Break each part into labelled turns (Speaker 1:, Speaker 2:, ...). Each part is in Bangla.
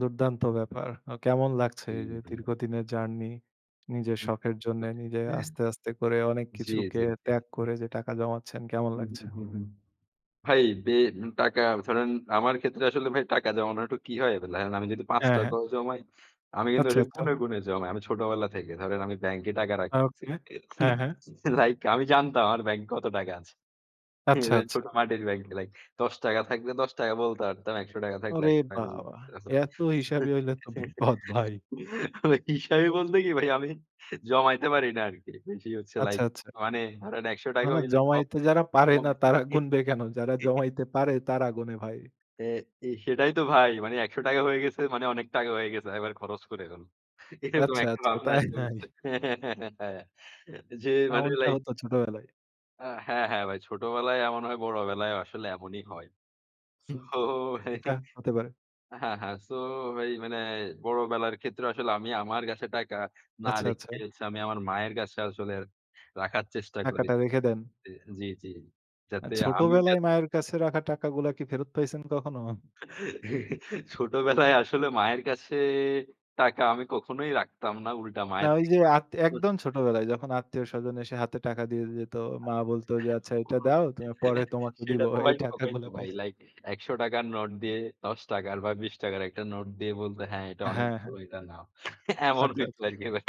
Speaker 1: দুর্দান্ত ব্যাপার। আ কেমন লাগছে
Speaker 2: হু,
Speaker 1: যে
Speaker 2: হু।
Speaker 1: দীর্ঘদিনের জার্নি নিজের
Speaker 2: হুম।
Speaker 1: শখের জন্যে, নিজে
Speaker 2: হুম।
Speaker 1: আস্তে, আস্তে করে অনেক
Speaker 2: জি,
Speaker 1: কিছুকে
Speaker 2: জি, জি।
Speaker 1: ত্যাগ করে যে টাকা জমাচ্ছেন কেমন
Speaker 2: উ হু,
Speaker 1: লাগছে?
Speaker 2: হু, হু, হু। ভাই বেন টাকা ধরেন আমার ক্ষেত্রে আসলে ভাই টাকা জমানোর একটু কি হয়? আমি যদি পাঁচ
Speaker 1: হ্যাঁ, হ্যাঁ।
Speaker 2: টাকা ও জমাই, আমি কিন্তু
Speaker 1: আচ্ছা,
Speaker 2: ওটা
Speaker 1: আচ্ছা।
Speaker 2: গুণে গুণে জমাই। আমি ছোটবেলা থেকে ধরেন আমি ব্যাংকে টাকা রাখতেছি।
Speaker 1: ওকে। হ্যাঁ, হ্যাঁ।
Speaker 2: লাইক আমি জানতাম আমার ব্যাংকে কত টাকা আছে।
Speaker 1: আচ্ছা, আচ্ছা।
Speaker 2: ছোট মাটির ব্যাংকে লাইক ৳১০ থাকলে ৳১০ বলতে পারতাম, ৳১০০ থাকলে
Speaker 1: ওরে বাবা!
Speaker 2: ১০০
Speaker 1: এত হিসাবি হইলে তো বিপদ ভাই।
Speaker 2: হিসাবি বলতে কি ভাই আমি জমাইতে পারি না আরকি। বেশি হচ্ছে
Speaker 1: আচ্ছা,
Speaker 2: লাইক
Speaker 1: আচ্ছা।
Speaker 2: মানে ধরেন একশো
Speaker 1: না,
Speaker 2: টাকা
Speaker 1: না
Speaker 2: হইলে
Speaker 1: জমাইতে যারা পারে না তারা গুণবে কেন? যারা জমাইতে পারে তারা গুনে ভাই।
Speaker 2: এ এ সেটাই তো ভাই। মানে ৳১০০ হয়ে গেছে মানে অনেক টাকা হয়ে গেছে। এবার খরচ করে ফেল। এরকম
Speaker 1: আচ্ছা,
Speaker 2: একটা
Speaker 1: আচ্ছা।
Speaker 2: ভাবনা
Speaker 1: তাই,
Speaker 2: আছে
Speaker 1: তাই।
Speaker 2: যে মানে
Speaker 1: এমনটা
Speaker 2: লাইক
Speaker 1: হত ছোটবেলায়।
Speaker 2: আ হ্যাঁ, হ্যাঁ ভাই। ছোটবেলায় এমন হয় বড় বেলায় আসলে এমনই হয়।
Speaker 1: হুম।
Speaker 2: সো।
Speaker 1: এটা হতে পারে।
Speaker 2: হ্যাঁ, হ্যাঁ। সো ভাই মানে বড় বেলার ক্ষেত্রে আসলে আমি আমার কাছে টাকা না
Speaker 1: আচ্ছা,
Speaker 2: রেখে
Speaker 1: আচ্ছা।
Speaker 2: হচ্ছে আমি আমার মায়ের কাছে আসলে রাখার চেষ্টা করি।
Speaker 1: টাকাটা রেখে দেন।
Speaker 2: জি, জি।
Speaker 1: আ
Speaker 2: যাতে
Speaker 1: ছোট
Speaker 2: আমি যাতে
Speaker 1: বেলায় মায়ের কাছে রাখা টাকা গুলা কি ফেরত পাইছেন কখনো? হু।
Speaker 2: ছোটবেলায় আসলে মায়ের কাছে টাকা আমি কখনোই রাখতাম না উল্টা
Speaker 1: না
Speaker 2: মায়ের
Speaker 1: ওই যে
Speaker 2: থেকে
Speaker 1: আতী
Speaker 2: নিতাম।
Speaker 1: একদম ছোটবেলায় যখন আত্মীয়স্বজন এসে হাতে টাকা দিয়ে যেত, মা বলত যে আচ্ছা এটা দাও তুমি পরে তোমাকে দিব।
Speaker 2: সেটা তো
Speaker 1: এই
Speaker 2: ভাই
Speaker 1: টাকা
Speaker 2: সবাই তো
Speaker 1: গুলা
Speaker 2: ভাই।
Speaker 1: পাইছেন?
Speaker 2: লাইক, ৳১০০ র নোট দিয়ে ৳১০ বা ৳২০ র একটা নোট দিয়ে বলতে হ্যাঁ, "এটা অনেক
Speaker 1: হ্যাঁ, হ্যাঁ।
Speaker 2: ভালো। এটা নাও।" এমন
Speaker 1: আচ্ছা,
Speaker 2: হইত
Speaker 1: আচ্ছা।
Speaker 2: আরকি ভাই।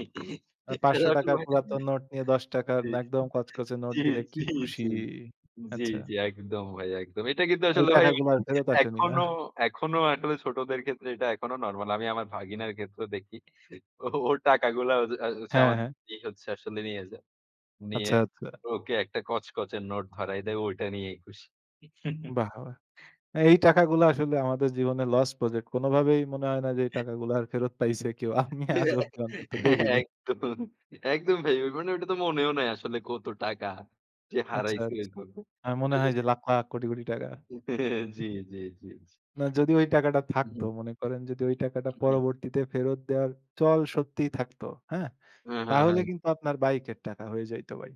Speaker 1: ৳৫০০ র পুরাতন নোট নিয়ে ৳১০ র
Speaker 2: জি,
Speaker 1: একদম কচকচে নোট
Speaker 2: জি,
Speaker 1: দিলে কি
Speaker 2: জি,
Speaker 1: খুশি।
Speaker 2: জি,
Speaker 1: আচ্ছা।
Speaker 2: জি। একদম ভাই একদম। এটা কিন্তু
Speaker 1: ওই
Speaker 2: আসলে ভাই
Speaker 1: টাকা গুলা আর ফেরত আসেনি, না?
Speaker 2: এখনো এখনো আসলে ছোটদের ক্ষেত্রে এটা এখনো নরমাল। আমি আমার ভাগিনার ক্ষেত্রে দেখি। ওর টাকাগুলো
Speaker 1: হ্যাঁ,
Speaker 2: আমার
Speaker 1: হ্যাঁ।
Speaker 2: ই হচ্ছে আসলে নিয়ে যায়। নিয়ে
Speaker 1: আচ্ছা, আচ্ছা।
Speaker 2: ওকে একটা কচকচের নোট ধরাই দেয় ঐটা নিয়েই খুশি।
Speaker 1: বাহ! বাহ! এই টাকাগুলো আসলে আমাদের জীবনের লস প্রজেক্ট। কোনভাবেই মনে হয় না যে এই টাকাগুলো আর ফেরত পাইছে কেউ। আমি আজ
Speaker 2: হ্যাঁ,
Speaker 1: অবধি অন্তত
Speaker 2: হ্যাঁ।
Speaker 1: দেখিনি।
Speaker 2: একদম, একদম ভাই। মানে ঐটা তো মনেও নাই আসলে কত টাকা যে
Speaker 1: আচ্ছা,
Speaker 2: হারাইছি
Speaker 1: আচ্ছা।
Speaker 2: ওইভাবে।
Speaker 1: আমার মনে হয় যে লাখ লাখ কোটি কোটি টাকা।
Speaker 2: হ্যাঁ, জি, জি, জি।
Speaker 1: না যদি ওই টাকাটা
Speaker 2: হু, হু।
Speaker 1: থাকতো মনে করেন যদি ওই টাকাটা পরবর্তীতে ফেরত দেওয়ার চল সত্যিই থাকতো। হ্যাঁ?
Speaker 2: হ্যাঁ, হ্যাঁ,
Speaker 1: তাহলে
Speaker 2: হ্যাঁ।
Speaker 1: কিন্তু আপনার বাইকের টাকা হয়ে যাইত ভাই।